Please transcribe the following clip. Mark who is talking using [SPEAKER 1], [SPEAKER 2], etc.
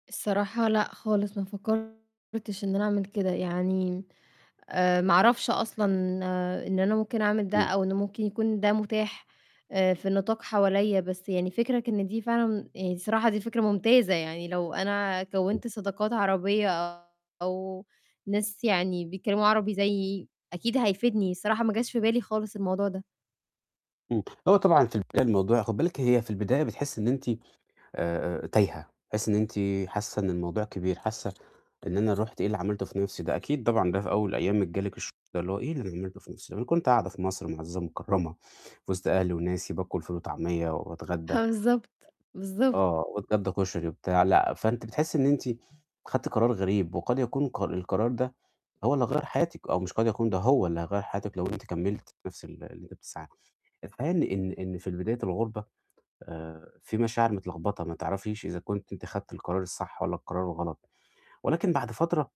[SPEAKER 1] الصراحة، لأ خالص، ما فكّرتش إن أنا أعمل كده، يعني، آآ، ما أعرفش أصلًا إن أنا ممكن أعمل ده
[SPEAKER 2] امم.
[SPEAKER 1] أو إنه ممكن يكون ده متاح، آآ، في النطاق حواليّا، بس يعني فِكرك إن دي فعلًا آآ، الصراحة دي فكرة ممتازة، يعني لو أنا
[SPEAKER 2] امم.
[SPEAKER 1] كوّنت صداقات عربية أو ناس يعني بيتكلموا عربي زيّي، أكيد هيفيدني، الصراحة ما جاش في بالي خالص الموضوع ده.
[SPEAKER 2] امم، هو طبعًا في البداية الموضوع خُدي بالِك هي في البداية بتحسّي إن أنتِ، آآ، آآ، تايهة، تحسّي إن أنتِ حاسة إن الموضوع كبير، حاسة إن أنا رُحت إيه اللي عملته في نفسي ده؟ أكيد طبعًا ده في أول أيامِك جه لِك الشعور ده، اللي هو إيه اللي أنا عملته في نفسي؟ ما أنا كنت قاعدة في مصر معزّزة مكرّمة، في وسط أهلي وناسي باكل فول وطعميّة
[SPEAKER 1] ه
[SPEAKER 2] واتغدّى
[SPEAKER 1] آه بالضبط، بالضبط.
[SPEAKER 2] آه، واتغدّى كشري وبتاع، لأ، فأنتِ بتحسّي إن أنتِ خدتِ قرار غريب، وقد يكون الق القرار ده هو اللي هيغيّر حياتِك، أو مش قد يكون، ده هو اللي هيغيّر حياتِك لو أنتِ كمّلتِ في نفس ال اللي أنتِ بتسعي له، الحقيقة إن إن إن في البداية الغربة، آآ، في مشاعر متلخبطة ما تعرفيش إذا كنتِ أنتِ خدتِ القرار الصح والَّا القرار الغلط، ولكن بعد فترة